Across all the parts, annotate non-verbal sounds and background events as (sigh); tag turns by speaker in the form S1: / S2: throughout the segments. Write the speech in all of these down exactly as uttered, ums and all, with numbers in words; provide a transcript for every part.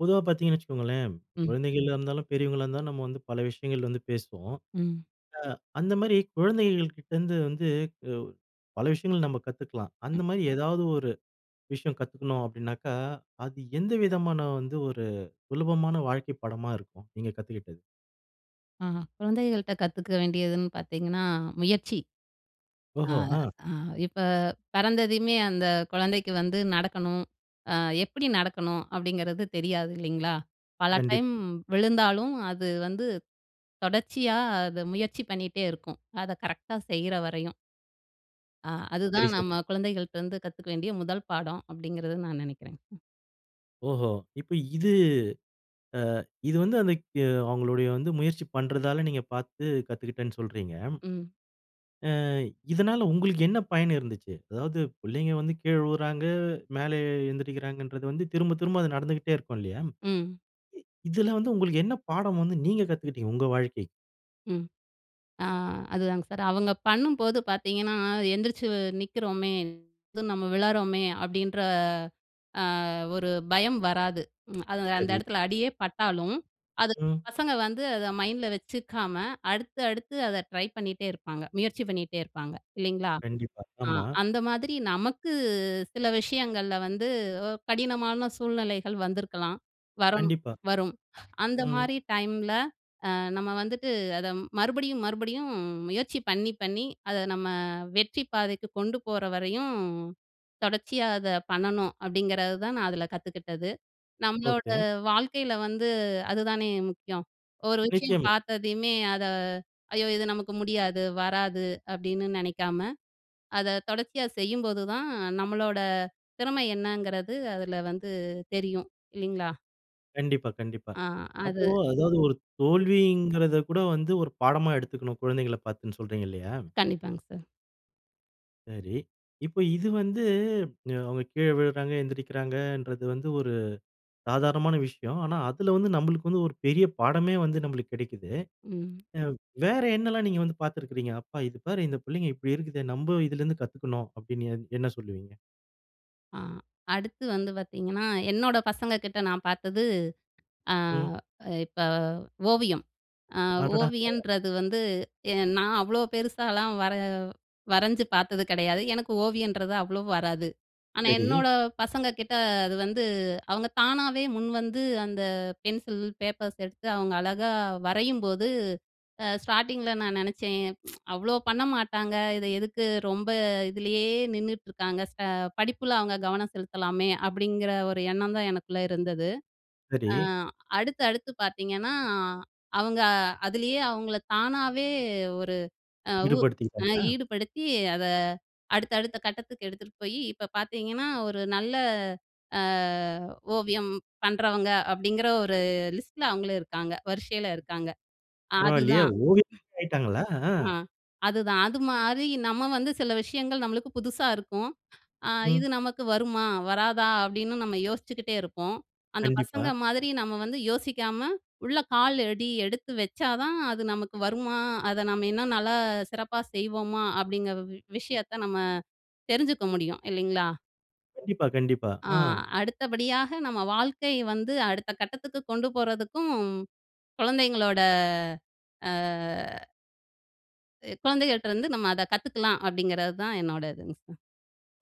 S1: பொதுவா பாத்தீங்கன்னா வச்சுக்கோங்களேன்
S2: ம்.
S1: குழந்தைகளா இருந்தாலும், பெரியவங்களா இருந்தாலும் நம்ம வந்து பல விஷயங்கள் வந்து பேசுவோம்.
S2: ம்.
S1: அ அந்த மாரி குழந்தைகள் கிட்ட இருந்து வந்து பல விஷயங்கள் நம்ம கத்துக்கலாம்.
S2: ம்.
S1: அந்த மாரி ஏதாவது ஒரு விஷயம் கத்துக்கணும் அப்டினாக்கா, அது எந்த விதமான வந்து ஒரு சுலபமான வாழ்க்கை பாடமா இருக்கும்? நீங்க கத்துக்கிட்டது.
S2: ஆஹ குழந்தைகள்கிட்ட கத்துக்க வேண்டியதுன்னு பாத்தீங்கன்னா முயற்சி. அ,
S1: ஓஹோ! ஆ.
S2: அ இப்ப பிறந்ததையுமே அந்த குழந்தைக்கு வந்து நடக்கணும். அ எப்டி நடக்கணும் அப்டிங்கிறது தெரியாது இல்லிங்களா? பல
S1: கண்டிப்
S2: டைம் விழுந்தாலும் அது வந்து தொடர்ச்சியா அத முயற்சி பண்ணிட்டே இருக்கும். அத கரெக்ட்டா செய்யுற வரையும். அ
S1: சரி
S2: அதுதான்,
S1: சரி.
S2: நம்ம குழந்தைகள்ட்ட இருந்து கத்துக்க வேண்டிய முதல் பாடம், அப்டிங்கிறது நான் நெனைக்குறங்க.
S1: ஓஹோ! இப்ப இது அ இது வந்து அந்த அவங்களுடைய வந்து முயற்சி பண்றதால நீங்க பாத்து கத்துக்கிட்டேன்னு சொல்றீங்க.
S2: ம்.
S1: ஆ, இதனால, உங்களுக்கு என்ன பயன் இருந்துச்சு. அதாவது பிள்ளைங்க வந்து கீழ உழுறாங்க, மேல எழுந்திரிக்குறங்கன்றது வந்து திரும்ப, திரும்ப அது நடந்துகிட்டே இருக்கும் இல்லயா.
S2: ம்.
S1: இதுல வந்து உங்களுக்கு என்ன பாடம் வந்து நீங்க கத்துக்கிட்டீங்க உங்க வாழ்க்கை.
S2: ம். அ அதுதாங்க. சார் அவங்க பண்ணும்போது பாத்தீங்கன்னா எந்திரிச்சி நிக்குறோமே, இது நம்ம விளறோமே அப்டின்ற. அ ஒரு பயம் வராது, (smacks lips) அது அந்த
S1: சரி.
S2: இடத்துல அடியே பட்டாலும், அது
S1: ம்.
S2: பசங்க வந்து அத மைண்டில வெச்சுக்காம அடுத்து, அடுத்து அத ட்ரை பண்ணிட்டே இருப்பாங்க, முயற்சி பண்ணிட்டே இருப்பாங்க இல்லிங்களா?
S1: கண்டிப்பா,
S2: அ
S1: ஆமா.
S2: அந்த மாதிரி நமக்கு சில விஷயங்கள்ல வந்து, அ கடினமான சூழ்நிலைகள் வந்திருக்கலாம், வரணும்
S1: கண்டிப்பா.
S2: வரும். அந்த
S1: ம்.
S2: மாதிரி டைம்ல அ நம்ம வந்துட்டு, அத மறுபடியும், மறுபடியும் முயற்சி பண்ணி பண்ணி அத நம்ம வெற்றி பாதைக்கு கொண்டுபோற வரையும், தொடர்ச்சியா அத பண்ணணும். அப்டிங்குறது தான் நான் அதுல கத்துக்கிட்டது. நம்மளோட
S1: ஒகே.
S2: வாழ்க்கைல வந்து அதுதானே முக்கியம். ஒரு விஷயம்
S1: நிச்சயமா.
S2: பாத்ததையுமே அத ஐயோ இது நமக்கு முடியாது, வராது, அப்டின்னு நெனைக்காம. அத தொடர்ச்சியா செய்யும்போது தான், அ நம்மளோட திறமை என்னங்குறது அதுல வந்து தெரியும் இல்லிங்களா?
S1: கண்டிப்பா, கண்டிப்பா.
S2: ஆ, அது,
S1: அப்போ அதாவது ஒரு
S2: ம்.
S1: தோல்விங்குறத கூட வந்து ஒரு பாடமா எடுத்துக்கணும், குழந்தைகள பாத்துன்னு சொல்றீங்க இல்லயா?
S2: கண்டிப்பாங்க சார்.
S1: சரி, இப்ப இது வந்து அவங்க கீழ விழுறாங்க, எழுந்திரிக்கிறாங்கன்றது வந்து ஒரு சாதாரணமான விஷயம். ஆனா, அதில வந்து நம்பளுக்கு வந்து ஒரு பெரிய பாடமே வந்து நம்பளுக்கு கிடைக்குது.
S2: ம்.
S1: அ வேற என்னெல்லாம் நீங்க வந்து பாத்திருக்கிறீங்க? அப்பா இது பாரு இந்த பிள்ளைங்க இப்படி இருக்குதே, நம்ம இதிலிருந்து கத்துக்கணும் அப்பிடின்னு எ என்ன சொல்லுவீங்க?
S2: ஆ அடுத்து வந்து பாத்தீங்கன்னா. என்னோட பசங்க கிட்ட நான் பாத்தது, அ
S1: ம்.
S2: இப்ப ஓவியம். அ
S1: அடடா! ம்.
S2: ஓவியன்றது வந்து நான் அவ்வளோ பெருசாகலாம் வர வரைஞ்சு பாத்தது கிடையாது. எனக்கு ஓவியன்றது அவ்வளோ வராது. ஆனா,
S1: சரி.
S2: என்னோட பசங்க கிட்ட அது வந்து அவங்க தானாவே முன்வந்து அந்த பென்சில், பேப்பர்ஸ் எடுத்து அவங்க அழகா வரையும்போது அ ஸ்டார்ட்டிங்கில்ல நான் நெனச்சேன், (tsk) அவ்வளோ பண்ண மாட்டாங்க. இத எதுக்கு ரொம்ப இதிலேயே நின்னுட்ருக்காங்க. ஸ படிப்புல அவங்க கவனம் செலுத்தலாமே! அப்படிங்கிற ஒரு எண்ணம் தான் எனக்குள்ள இருந்தது.
S1: சரி.
S2: அ அடுத்து, அடுத்து பாத்தீங்கன்னா அவங்க அதிலயே அவங்கள்ல தானாவே ஒரு, உ அ
S1: ஈடுபடுத்திருக்காங்களா.
S2: ஈடுபடுத்தி அத அடுத்த, அடுத்த கட்டத்துக்கு எடுத்துட்டு போய் இப்போ பாத்தீங்கன்னா ஒரு நல்ல, அ ஓவியம் பண்றவங்க அப்பிடிங்கிற ஒரு லிஸ்ட்ல அவங்களும் இருக்காங்க. வரிசையில இருக்காங்க.
S1: பரவாயில்லயே,
S2: அதுதான்
S1: ஓவி (unintelligible) ஆயிட்டாங்களா? அஹ்.
S2: ஆ அதுதான் அதுமாரி நம்ப வந்து சில விஷயங்கள் நம்பளுக்கு புதுசா இருக்கும். (inhales) அஇது
S1: ம்.
S2: நமக்கு வருமா? வராதா? அப்டீன்னு நம்ம யோசிச்சுக்கிட்டே இருப்போம். அந்த பசங்க
S1: கண்டிப்பா.
S2: மாதிரி நம்ப வந்து யோசிக்காம உள்ள கால் அடி எடுத்து வச்சா தான், அது நமக்கு வருமா? அத நம்ம இன்னும் நல்லா சிறப்பா செய்வோமா? அப்பிடிங்கிற வ விஷயத்த நம்ப தெரிஞ்சுக்க முடியும், இல்லங்களா?
S1: கண்டிப்பா, கண்டிப்பா.
S2: ஆ.
S1: அஹ்.
S2: அடுத்தபடியாக நம்ம வாழ்க்கை வந்து அடுத்த கட்டத்துக்கு கொண்டு போறதுக்கும் கொழந்தைங்களோட அ அ குழந்தைங்க கிட்ட இருந்து நம்ம அத கத்துக்கலாம் அப்டிங்கறது தான் என்னோடது இதுங்க சார்.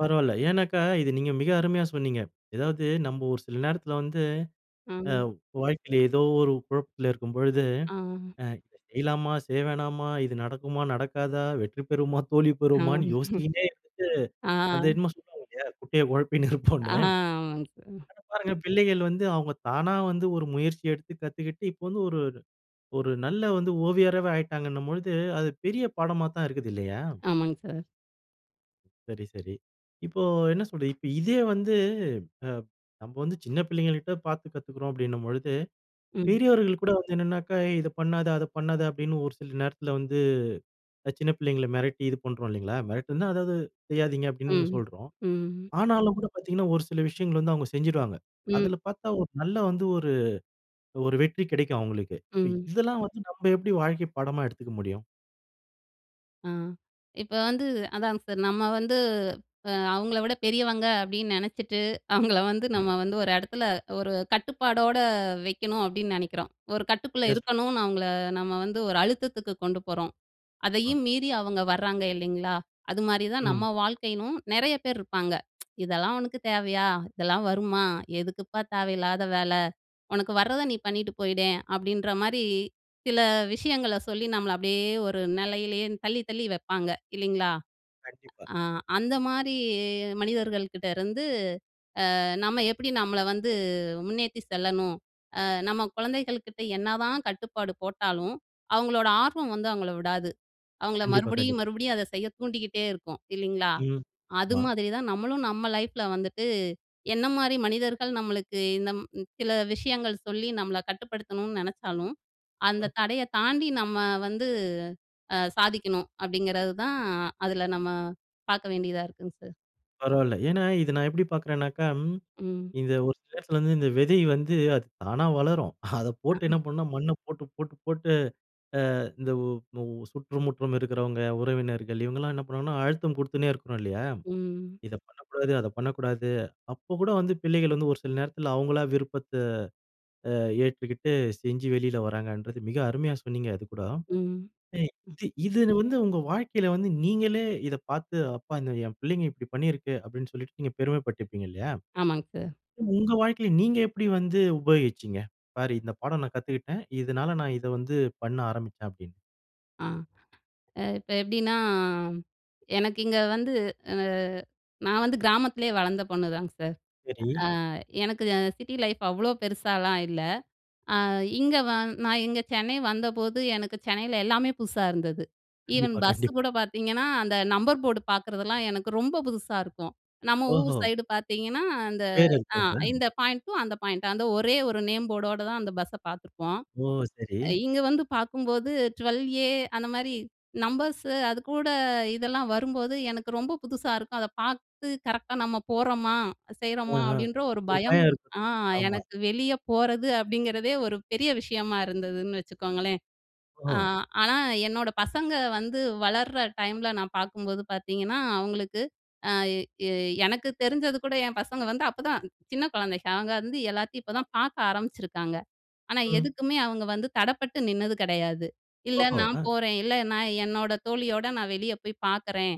S1: பரவால்ல ஏன்னாக்கா இத நீங்க மிக அருமையா சொன்னிங்க. எதாவது நம்ம ஒரு சில நேரத்துல வந்து, அ
S2: அஹம்.
S1: வாழ்க்கைல ஏதோ ஒரு குழப்பத்துல இருக்கும்பொழுது,
S2: அஹ்.
S1: "அ இத செய்யலாமா செய்ய வேணாமா? இது நடக்குமா நடக்காதா? வெற்றி பெறுவோமா தோல்வி பெறுவோமான்னு?"
S2: (chuckles)
S1: யோசிச்சிகின்னே இருந்துட்டு,
S2: ஆ.
S1: அந்த என்னமோ சொல்லுவாங்க இல்லையா "குட்டையை குழப்பினு இருப்போம்னு."
S2: ஆ. ஆமாங்க சார்.
S1: ஆனா பாருங்க பிள்ளைகள் வந்து அவங்க தானா வந்து ஒரு முயற்சி எடுத்து கத்துகிட்டு, இப்போ வந்து ஒரு, ஒரு நல்ல வந்து ஓவியராவே ஆகிட்டாங்கன்னும் போது, அது பெரிய பாடமா தான் இருக்குது இல்லையா?
S2: ஆமாங் சார்.
S1: சரி, சரி. இப்போ என்ன சொல்றது, இப்ப இதே வந்து அப் நம்ம வந்து சின்ன பிள்ளைங்கள்ட்ட பாத்து கத்துக்குறோம் அப்டின்னும் பொழுது,
S2: ம்.
S1: பெரியவர்கள் கூட வந்து "என்னென்னாக்கா இத பண்ணாத, அத பண்ணாத" அப்டின்னு ஒரு சில நேரத்துல வந்து அ சின்ன பிள்ளைங்கள மிரட்டி இது பண்றோம் இல்லைங்களா, மிரட்டுனா அதாவது "செய்யாதீங்க" அப்டின்னு
S2: ம்.
S1: சொல்றோம்.
S2: ம்.
S1: ஆனாலும் கூட பாத்தீங்கனா ஒரு சில விஷயங்கள் வந்து அவங்க செஞ்சுருவாங்க.
S2: ம்.
S1: அதுல பாத்தா ஒரு நல்ல வந்து ஒரு ஒரு வெற்றி கிடைக்கும் அவங்களுக்கு. இப்
S2: ம்.
S1: இதெல்லாம் வந்து நம்ம எப்டி வாழ்க்கை பாடமா எடுத்துக்க முடியும்?
S2: ஆ இப்ப வந்து அதாங்க சார், நம்ம வந்து அவங்கள விட பெரியவங்க அப்டின்னு நெனச்சிட்டு, அவங்கள வந்து நம்ம வந்து ஒரு இடத்துல, ஒரு கட்டுப்பாடோட வெக்கணும் அப்டின்னு நெனைக்குறோம். ஒரு கட்டுக்குள்ள
S1: சரியா சொன்னீங்.
S2: இருக்கணும்னு அவங்கள நம்ம வந்து ஒரு அழுத்தத்துக்கு கொண்டு போறோம்.
S1: அஹ்.
S2: அதையும் மீறி அவங்க வராங்க இல்லிங்களா, அதுமாரி தான்
S1: ம்.
S2: நம்ம வாழ்க்கையும் நெறய பேர் இருப்பாங்க. (tsk) இதெல்லாம் உனக்கு தேவையா? இதெல்லாம் வருமா? எதுக்குப்பா தேவயில்லாத வேல. உனக்கு வர்றத நீ பண்ணிட்டு போயிட அப்டின்ற மாரி, சில விஷயங்கள சொல்லி நம்மள அப்டியே ஒரு நிலையிலேயே தள்ளி, தள்ளி வைப்பாங்க இல்லிங்களா?
S1: கண்டிப்பா.
S2: ஆ அந்த மாரி மனிதர்கள் கிட்டருந்து அ நம்ம எப்டி நம்மள வந்து முன்னேத்தி செல்லணும், அ நம்ம குழந்தைகள் கிட்ட என்னதான் கட்டுப்பாடு போட்டாலும், அவங்களோட ஆர்வம் வந்து அவங்கள விடாது. அவங்கள
S1: கண்டிப்பா, கண்டிப்
S2: மறுபடியும், மறுபடியும் அத செய்ய தூண்டிக்கிட்டே இருக்கும் இல்லிங்களா?
S1: ம்,
S2: அது
S1: மா.
S2: மாதிரி தான் நம்மளும் நம்ம லைஃப்புல வந்துட்டு, என்ன மாரி மனிதர்கள் நம்மளுக்கு, இந்த ம் சில விஷயங்கள் சொல்லி நம்மள கட்டுப்படுத்தணும்னு நெனச்சாலும். அந்த
S1: ம்.
S2: தடய தாண்டி நம்ம வந்து அ சாதிக்கணும். அப்டிங்குறது தான் அதுல நம்ம பாக்க வேண்டியதா இருக்குங்க சார்.
S1: பரவால்ல. ஏன்னா, இத நான் எப்டி பாக்குறனாக்கா,
S2: ம்.
S1: இத ஒரு சில இடத்துல வந்து இந்த விதை வந்து அது தானா வளரும். அத போட்டு என்ன பண்ணணும்னா மண்ண போட்டு, போட்டு, போட்டு அ இந்த உ சுற்றுமுற்றும் இருக்குறவங்க உறவினர்கள், இவங்கலாம் என்ன பண்ணுவாங்கன்னா அழுத்தம் கொடுத்துன்னே இருக்குன்னு இல்லயா?
S2: ம்.
S1: இத பண்ணக்கூடாது, அத பண்ணக்கூடாது, அப்ப கூட வந்து பிள்ளைகள் வந்து ஒரு சில நேரத்துல அவங்களா விருப்பத்த ஆ ஏற்றுக்கிட்டு, செஞ்சு வெளில வராங்கன்றது மிக அருமையா சொன்னீங்க அதுக்கூட.
S2: ம்,
S1: அ
S2: ம்ஹ்.
S1: இது இது வந்து உங்க வாழ்க்கைல வந்து நீங்களே இத பாத்து, "அப்பா! இந்த என் பிள்ளைகங்க இப்டி பண்ணியிருக்கு" அப்டின்னு சொல்லிட்டு நீங்க பெருமைப்பட்டிப்பீங்க இல்லயா?
S2: ஆமாங்க சார்.
S1: உங்க வாழ்க்கையில நீங்க எப்டி வந்து உபயோகிச்சீங்க? "பாரு இந்த பாடம் நான் கத்துக்கிட்ட. இதனால நான் இத வந்து பண்ண ஆரம்பிச்சேன்" அப்டின்னுட்டு வந்து.
S2: ஆ, அ இப்ப எப்பிடின்னா எனக்கு இங்க வந்து ஆ நான் வந்து கிராமத்திலேயே வளர்ந்த பொண்ணு தாங்க சார்.
S1: சரி.
S2: ஆ எனக்கு அ சிட்டி லைஃப் அவ்ளோ பெருசாலாம் இல்ல. அ இங்க வ நான் இங்க சென்னை வந்தபோது எனக்கு சென்னையில எல்லாமே புதுசா இருந்தது. ஈவன்
S1: கண்டிப்பா,
S2: பஸ்
S1: கண்டிப்
S2: கூட பார்த்தீங்கன்னா, அந்த நம்பர் போர்டு பார்க்குறதெல்லாம் எனக்கு ரொம்ப புதுசா இருக்கும். நம்ம ஊர்
S1: ஓஹோ!
S2: சைடு பார்த்தீங்கன்னா, அந்த அ
S1: (unintelligible)
S2: இந்த பாயிண்ட்டும், அந்த பாயிண்ட்டும், அந்த ஒரே ஒரு நேம் போர்டோட தான் அந்த பஸ்ஸ பார்த்துருப்போம்.
S1: ஓ! சரி.
S2: அ இங்க வந்து பார்க்கும்போது ட்வெல் ஏ அந்த மாரி நம்பர்ஸு அதுகூட இதெல்லாம் வரும்போது, எனக்கு ரொம்ப புதுசா இருக்கும். அத பார்த்து கரெக்ட்டா நம்ம போறோமா!
S1: ஆ,
S2: செய்றோமா!
S1: ஆ
S2: அப்பிடின்ற ஒரு
S1: ஒரு
S2: பயம்
S1: பையன்
S2: ஆ,
S1: (unintelligible) ஆமா.
S2: எனக்கு வெளிய போறது அப்பிடிங்கிறதே ஒரு பெரிய விஷயமா இருந்ததுன்னு வச்சுக்கோங்களேன். அ
S1: ஓ!
S2: ஆனா, என்னோட பசங்க வந்து வளர்ற டைம்ல நான் பார்க்கும்போது பார்த்தீங்கன்னா, அவுங்களுக்கு, ஆ எ எனக்கு தெரிஞ்சது கூட என் பசங்க வந்து அப்பதான் சின்ன குழந்தைங்க. அவுங்க வந்து எல்லாத்தையும் இப்ப
S1: (unintelligible)
S2: தான் பார்க்க ஆரம்பிச்சிருக்காங்க. ஆனா
S1: ம்.
S2: எதுக்குமே அவுங்க வந்து தடப்பட்டு நின்னது கெடையாது. இல்ல
S1: ஓஹோ!
S2: நான்
S1: அ.
S2: போறேன், இல்ல நான் என்னோட தோழியோட நான் வெளிய போய் பார்க்குறேன்,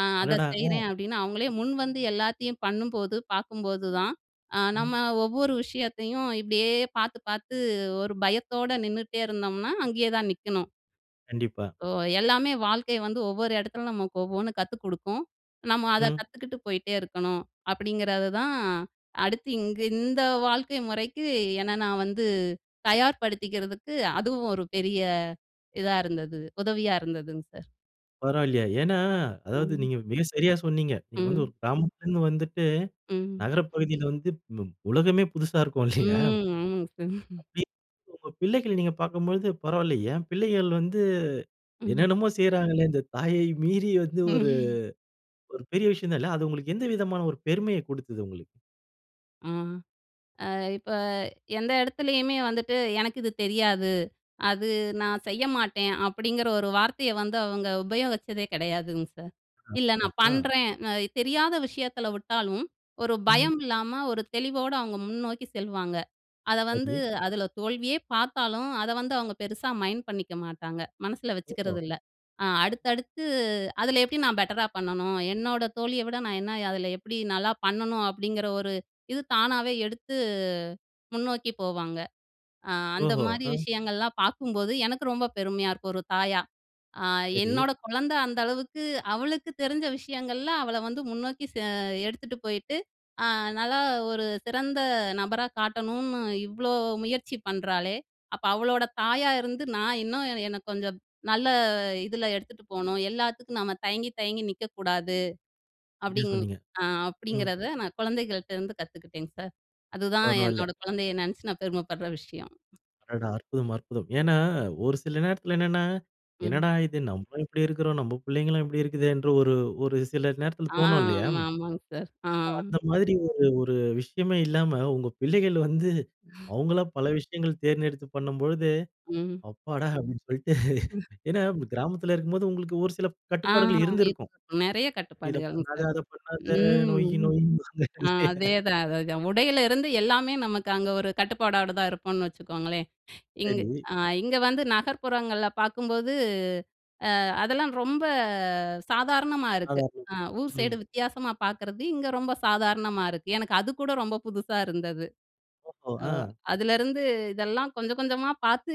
S2: அ அத
S1: அடடா! ம்.
S2: செய்றேன் அப்பிடின்னு அவங்களே முன்வந்து எல்லாத்தையும் பண்ணும்போது, பார்க்கும்போது தான், அ
S1: ம்.
S2: நம்ம ஒவ்வொரு விஷயத்தையும் இப்பிடியே பார்த்து, பார்த்து ஒரு பயத்தோட நின்னுட்டே இருந்தம்ன்னா, அங்கே தான் நிக்கணும்.
S1: கண்டிப்பா.
S2: "ஓ! எல்லாமே வாழ்க்கை வந்து ஒவ்வொரு இடத்துல நமக்கு ஒவ்வொண்ணு கத்து குடுக்கும். நம்ம அத
S1: ம்.
S2: கத்துக்கிட்டு போயிட்டே இருக்கணும்." அப்படீங்கிறது தான் அடுத்து இங்க, இந்த வாழ்க்கை முறைக்கு என்ன நா வந்து தயார்படுத்திக்கிறதுக்கு, அதுவும் ஒரு பெரிய இதா இருந்தது, உதவியா இருந்ததுங்க சார்.
S1: பரவால்லையே. ஏன்னா, அதாவது
S2: ம்.
S1: நீங்க மிக சரியா சொன்னீங்க. நீங்க வந்து
S2: ம்.
S1: ஒரு கிராமத்திலேருந்து வந்துட்டு,
S2: ம்.
S1: நகர பகுதியில வந்துப் ம் உலகமே புதுசா இருக்கும்
S2: ம்.
S1: இல்லையா?
S2: ம். ஆமாங்க சார்.
S1: அப்படி உங்க பிள்ளைகள நீங்க பார்க்கும்பொழுது, "பரவாயில்லை, ஏன் பிள்ளைகள் வந்து
S2: ம்.
S1: என்னென்னமோ செய்யறாங்களே இந்த தாயை மீறி வந்து ஒரு"
S2: ம்ஹ்.
S1: ஒரு பெரிய விஷயம் தான் இல்ல. அது உங்களுக்கு எந்த விதமான ஒரு பெருமையைக் குடுத்தது உங்களுக்கு?
S2: ஆ. அ இப்ப எந்த இடத்துலேயுமே வந்துட்டு, "எனக்கு இது தெரியாது, அது நான் செய்ய மாட்டேன்." அப்படீங்கிற ஒரு வார்த்தைய வந்து அவங்க உபயோகிச்சதே கெடையாதுங்க சார். "இல்ல,
S1: அற்புதம்.
S2: நான்
S1: அ.
S2: பண்ணுறேன்" அ தெரியாத விஷயத்தில விட்டாலும், ஒரு
S1: ம்ஹ்.
S2: பயம் இல்லாம ஒரு தெளிவோட அவங்க முன்னோக்கி செல்வாங்க. அத வந்து
S1: சரி.
S2: அதில தோல்வியே பார்த்தாலும், அத வந்து அவங்க பெருசா மைண்ட் பண்ணிக்க மாட்டாங்க. மனசில
S1: ஓஹோ!
S2: வச்சுக்கிறது இல்ல. "அ அடுத்தடுத்து அதில எப்படி நான் பெட்டரா பண்ணணும்? என்னோட தோழிய விட நான் என்ன அதில எப்படி நல்லா பண்ணனும்?" அப்படீங்கிற ஒரு இது தானாவே எடுத்து முன்னோக்கி போவாங்க. அ அந்த
S1: ஓஹோ!
S2: மாரி
S1: அ.
S2: விஷயங்கள்லாம் பார்க்கும்போது, எனக்கு ரொம்ப பெருமையா இருக்கும் ஒரு தாயா. "அ
S1: சரி.
S2: என்னோட குழந்தை அந்த அளவுக்கு அவளுக்கு தெரிஞ்ச விஷயங்கள்ல அவளை வந்து முன்னோக்கி செ எடுத்துட்டு போயிட்டு, அ நல்லா ஒரு சிறந்த நபரா காட்டணும்ன்னு, இவ்வளோ முயற்சி பண்றாளே, அப்ப அவளோட தாயா இருந்து நான் இன்னும், எனக்கு கொஞ்சம் நல்ல இதில எடுத்துட்டு போணும். எல்லாத்துக்கும் நம்ம தயங்கி, தயங்கி நிக்கக்கூடாது."
S1: என்ன
S2: அப்படீங்
S1: சொன்னீங்க?
S2: அ
S1: ம்.
S2: அப்படீங்கறத நான் குழந்தைகள்ட்டருந்து கத்துகிட்டேன் சார். அதுதான்
S1: பரவால்ல.
S2: என்னோட குழந்தையை நெனைச்சு, நான் பெருமை படுற விஷயம்.
S1: அடடா! அற்புதம், அற்புதம். ஏன்னா, ஒரு சில நேரத்தில என்னன்னா, என்னடா
S2: ம்.
S1: இது நம்பளும் இப்படி இருக்கறோம். நம்ப புள்ளைங்களும் இப்படி இருக்குதேன்ற ஒரு, ஒரு சில நேரத்தில
S2: ஆ
S1: தோணும் இல்லையா?
S2: ஆமா, ஆமாங்க சார். ஆ.
S1: அ அந்த மாதிரி ஒரு, ஒரு விஷயமே இல்லாம உங்க பிள்ளைகள் வந்து, அவங்களா பல விஷயங்கள் தேர்ந்தெடுத்து பண்ணும் பொழுது
S2: ம்.
S1: "அப்பாடா!" அப்படின்னு சொல்லிட்டு.
S2: (unintelligible)
S1: ஏன்னா, வ் கிராமத்தில இருக்கும்போது உங்களுக்கு ஒரு சில
S2: ஆ
S1: கட்டுப்பாடுகள்
S2: (unintelligible)
S1: இருந்திருக்கும்.
S2: நெறைய
S1: "இத
S2: கட்டுப்பாடுகள்ங்க
S1: பண்ணாத,
S2: சார்.
S1: அத பண்ணாத" நொய்
S2: ம்.
S1: நொய்ம்பாங்கல்ல.
S2: அதேதான், அதேதான். உடையிலிருந்து எல்லாமே நமக்கு அங்க ஒரு கட்டுப்பாடோட தான் இருப்போம்ன்னு வச்சுக்கோங்களேன். (inhales) இங்க
S1: சரி.
S2: அ இங்க வந்து நகர்ப்புறங்கள்ல பார்க்கும்போது, அ அதெல்லாம் ரொம்ப சாதாரணமா இருக்கு. அ
S1: (unintelligible)
S2: ஊர் சைடு
S1: ம்.
S2: வித்தியாசமா பார்க்கறது, இங்க ரொம்ப சாதாரணமா இருக்கு. எனக்கு அதுக்கூட ரொம்ப புதுசா இருந்தது.
S1: ஓஹோ!
S2: ஓ!
S1: அ.
S2: அதுலேருந்து, இதெல்லாம் கொஞ்சம், கொஞ்சமா பார்த்து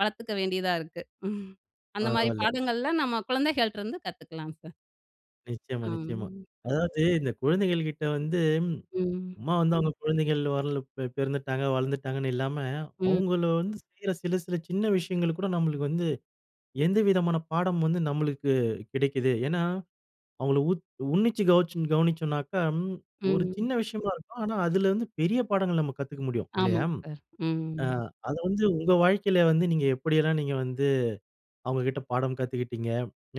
S2: வளர்த்துக்க வேண்டியதா இருக்கு. (chuckles) அந்த மாரி
S1: பரவால்ல.
S2: பாடங்கள்லாம் நம்ம குழந்தைகள்ட்டருந்து கத்துக்கலாம் சார்.
S1: நிச்சயமா, நிச்சயமா.
S2: ஆஹ்.
S1: அதாவது இந்த குழந்தைகள் கிட்ட வந்து,
S2: ம்.
S1: சும்மா வந்து அவங்க குழந்தைகள் வந்து பி பிறந்துட்டாங்க, வளர்ந்துட்டாங்கன்னு இல்லாம,
S2: ம்.
S1: அவங்கள வந்து செய்யற சில, சில சின்ன விஷயங்கள கூட நம்மளுக்கு வந்து, எந்த விதமான பாடம் வந்து நம்மளுக்கு கிடைக்குது. ஏன்னா அவங்கள உத் உன்னிச்சு கவுச்சு கவனிச்சோம்னாக்கா, ஒரு
S2: ம்.
S1: சின்ன விஷயமா இருக்கும், ஆனா அதில வந்து பெரிய பாடங்கள் நம்ம கத்துக்க முடியும் இல்லையா?
S2: ஆமாங்க சார். ம்.
S1: அ அத வந்து உங்க வாழ்க்கையில வந்து, நீங்க எப்படியெல்லாம் நீங்க வந்து அவங்ககிட்ட பாடம் கத்துக்கிட்டீங்க,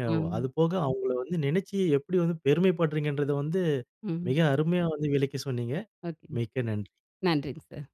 S1: ய
S2: அம்.
S1: அதுபோக அவங்கள வந்து நெனைச்சு எப்படி வந்து பெருமைப்படுறீங்கங்கறத வந்து,
S2: ம்.
S1: மிக அருமையா வந்து விளக்கி சொன்னீங்க.
S2: ஒகே.
S1: மிக்க நன்றி.
S2: நன்றிங்க சார்.